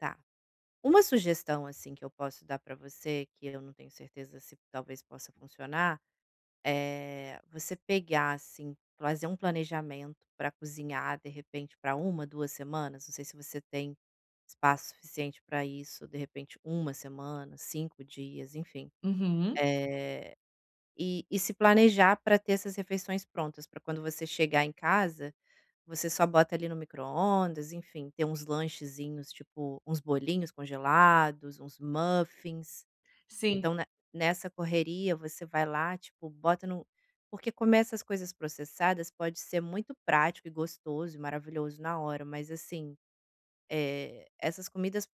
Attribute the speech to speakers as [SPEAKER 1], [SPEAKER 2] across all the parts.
[SPEAKER 1] Tá, uma sugestão, assim, que eu posso dar para você que eu não tenho certeza se talvez possa funcionar, eh, você pegar, assim, fazer um planejamento para cozinhar de repente para 1, 2 semanas, não sei se você tem espaço suficiente para isso, de repente 1 semana, 5 dias, enfim.
[SPEAKER 2] Uhum.
[SPEAKER 1] Eh, e e se planejar para ter essas refeições prontas para quando você chegar em casa, você só bota ali no micro-ondas, enfim, ter uns lanchezinhos, tipo, uns bolinhos congelados, uns uns muffins,
[SPEAKER 2] Sim.
[SPEAKER 1] então ne nessa correria você vai lá, tipo, bota no porque comer essas coisas processadas pode ser muito prático e gostoso e maravilhoso na hora, mas, assim, eh, essas comidas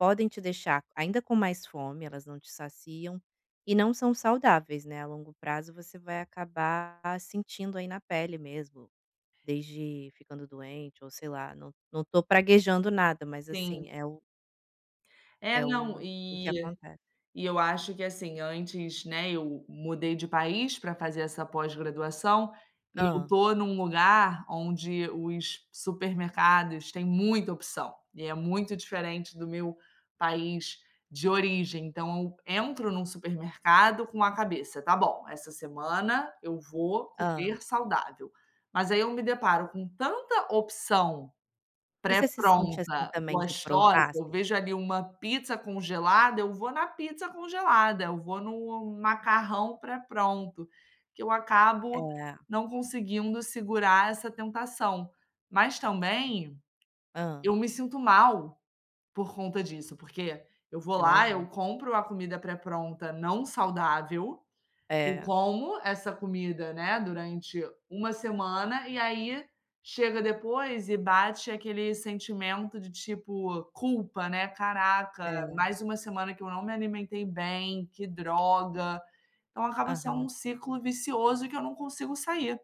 [SPEAKER 1] podem te deixar ainda com mais fome, elas não te saciam e não são saudáveis, né, a longo prazo você vai acabar sentindo aí na pele mesmo, desde ficando doente ou sei lá, não não estou praguejando nada, mas, assim,
[SPEAKER 2] Sim.
[SPEAKER 1] é o
[SPEAKER 2] É,
[SPEAKER 1] é o
[SPEAKER 2] não,
[SPEAKER 1] o que
[SPEAKER 2] e
[SPEAKER 1] acontece.
[SPEAKER 2] e eu acho que, assim, antes, né, eu mudei de país para fazer essa pós-graduação e eu
[SPEAKER 1] Hã.
[SPEAKER 2] estou em um lugar onde os supermercados têm muita opção e é muito diferente do meu país de origem. Então eu entro em um supermercado com a cabeça, "Tá bom, essa semana eu vou
[SPEAKER 1] Hã.
[SPEAKER 2] comer saudável". Mas aí eu me deparo com tanta opção,
[SPEAKER 1] E você se sente assim
[SPEAKER 2] pré-pronta,
[SPEAKER 1] também de
[SPEAKER 2] gostosa,
[SPEAKER 1] provar?
[SPEAKER 2] eu vejo ali uma pizza congelada, eu vou na pizza congelada, eu vou no macarrão pré-pronto que eu acabo
[SPEAKER 1] É.
[SPEAKER 2] não conseguindo segurar essa tentação. Mas também,
[SPEAKER 1] Hã.
[SPEAKER 2] eu me sinto mal, por conta disso, porque eu vou lá, eu
[SPEAKER 1] Imagino.
[SPEAKER 2] compro a comida pré-pronta não saudável, eu
[SPEAKER 1] É.
[SPEAKER 2] como essa comida, né, durante 1 semana, e aí chega depois e bate aquele sentimento de tipo, culpa, né, "Caraca,
[SPEAKER 1] É.
[SPEAKER 2] mais uma semana que eu não me alimentei bem, que droga". Então acaba sendo um
[SPEAKER 1] Aham.
[SPEAKER 2] ciclo vicioso que eu não consigo sair.